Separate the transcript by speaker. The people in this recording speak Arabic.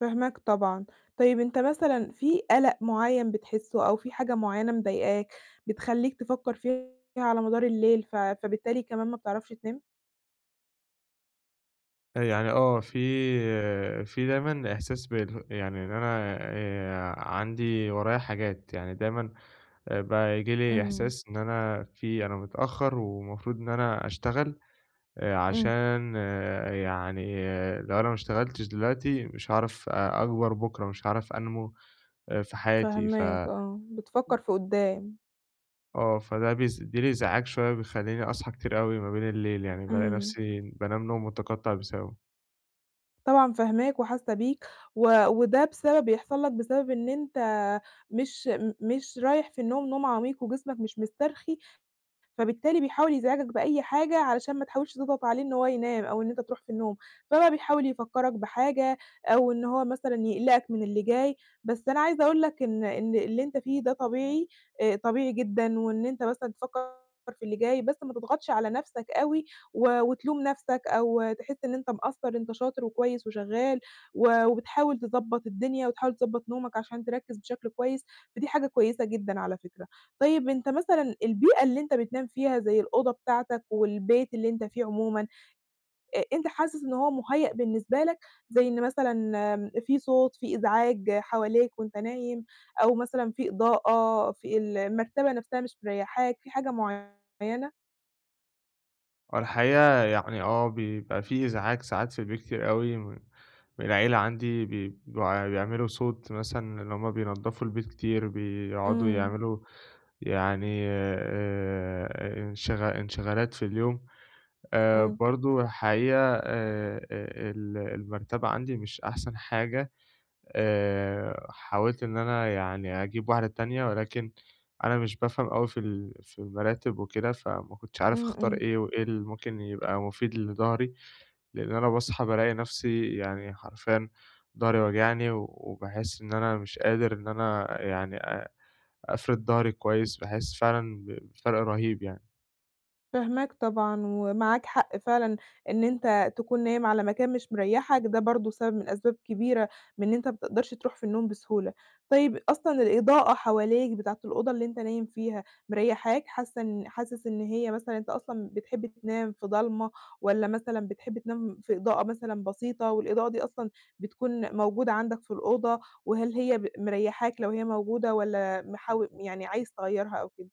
Speaker 1: فاهماك طبعًا، طيب أنت مثلًا في قَلَق معيّن بتحسه، أو في حاجة معيّنة مضايقاك، بتخلّيك تفكّر فيها على مدار الليل، ف فبالتالي كمان ما بتعرفش تنام؟
Speaker 2: يعني آه، في في دايمًا إحساس بال يعني إن أنا آآ عندي ورايا حاجات، يعني دايمًا بقى ييجي لي
Speaker 1: إمم.
Speaker 2: إحساس إن أنا في أنا متأخّر، والمفروض إن أنا أشتغل،
Speaker 1: إمم.
Speaker 2: عشان يعني لو أنا ما اشتغلتش دلوقتي، مش هاعرف أ أكبر بُكره، مش هاعرف أنمو آآ في حياتي. ف
Speaker 1: فاهماك. آه، بتفكّر في قدّام.
Speaker 2: آه، فده بيسبب لي إزعاج شوية، بيخلّيني أصحى كتير أوي ما بين الليل، يعني بالاقي
Speaker 1: إمم.
Speaker 2: نفسي بانام نوم متقطّع بسببه.
Speaker 1: طبعًا فاهماك، وحاسّة بيك، و وده بسبب بيحصل لك بسبب إن أنت مش م مش رايح في النوم، نوم عميق، وجسمك مش مُسترخي، فبالتالي بيحاول يزعجك بأي حاجة، علشان ما تحاولش تضغط عليه إن هو ينام، أو إن أنت تروح في النوم، فبقى بيحاول يفكّرك بحاجة، أو إن هو مثلًا يقلقك من اللي جاي، بس أنا عايزة أقول لك إن إن اللي أنت فيه ده طبيعي، آآ طبيعي جدًا، وإن أنت مثلًا تفكّر في اللي جاي، بس ما تضغطش على نفسك أوي، و وتلوم نفسك أو تحس إن أنت مقصر. أنت شاطر، وكويس، وشغّال، و وبتحاول تضبّط الدنيا، وتحاول تضبط نومك، عشان تركز بشكل كويس. فدي حاجة كويسة جدًا على فكرة. طيب أنت مثلًا البيئة اللي أنت بتنام فيها زَي الأوضة بتاعتك، والبيت اللي أنت فيه عمومًا، أ أنت حاسس إن هو مُهيأ بالنسبة لك؟ زَي إن مثلًا في صوت في إزعاج حواليك، وأنت نايم أو مثلًا في إضاءة، في المرتبة نفسها مش مريّحاك في حاجة معيّنة؟
Speaker 2: آه الحقيقة، يعني آه، بيبقى في إزعاج ساعات في البيت كتير أوي، م من العيلة عندي بي بيع بيعملوا صوت، مثلًا اللي هُم بينضّفوا البيت كتير، بيقعدوا
Speaker 1: إمم.
Speaker 2: يعملوا يعني آآ إنشغ انشغالات في اليوم، آآ
Speaker 1: إمم.
Speaker 2: برضه الحقيقة آآ آآ ال المَرتبة عندي مش أحسن حاجة، آآ حاولت إن أنا يعني أجيب 1 تانية، ولكن أنا مش بافهم أوي في ال في المراتِب وكده. فما كنتش عارف
Speaker 1: إمم،
Speaker 2: أختار
Speaker 1: إمم.
Speaker 2: إيه، وإيه اللي ممكن يبقى مُفيد لضهري؟ لإن أنا باصحى بالاقي نفسي يعني حرفياً ضهري واجعني، وباحس إن أنا مش قادر، إن أنا يعني آآ أفرد ضهري كويس، باحس فعلًا بفرق رهيب، يعني.
Speaker 1: فاهماك طبعًا، ومعاك حق فعلًا، إن أنت تكون نايم على مكان مش مريّحك، ده برضه سبب من أسباب كبيرة من إن أنت ما بتقدرش تروح في النوم بسهولة، طيب أصلًا الإضاءة حواليك بتاعة الأوضة اللي أنت نايم فيها مريّحاك؟ حاسّة إن حاسس إن هي مثلًا أنت أصلًا بتحب تنام في ضلمة، والّا مثلًا بتحب تنام في إضاءة مثلًا بسيطة، والإضاءة دي أصلًا بتكون موجودة عندك في الأوضة، وهل هي ب مريّحاك لو هي موجودة، والّا محاو يعني عايز تغيّرها أو كده؟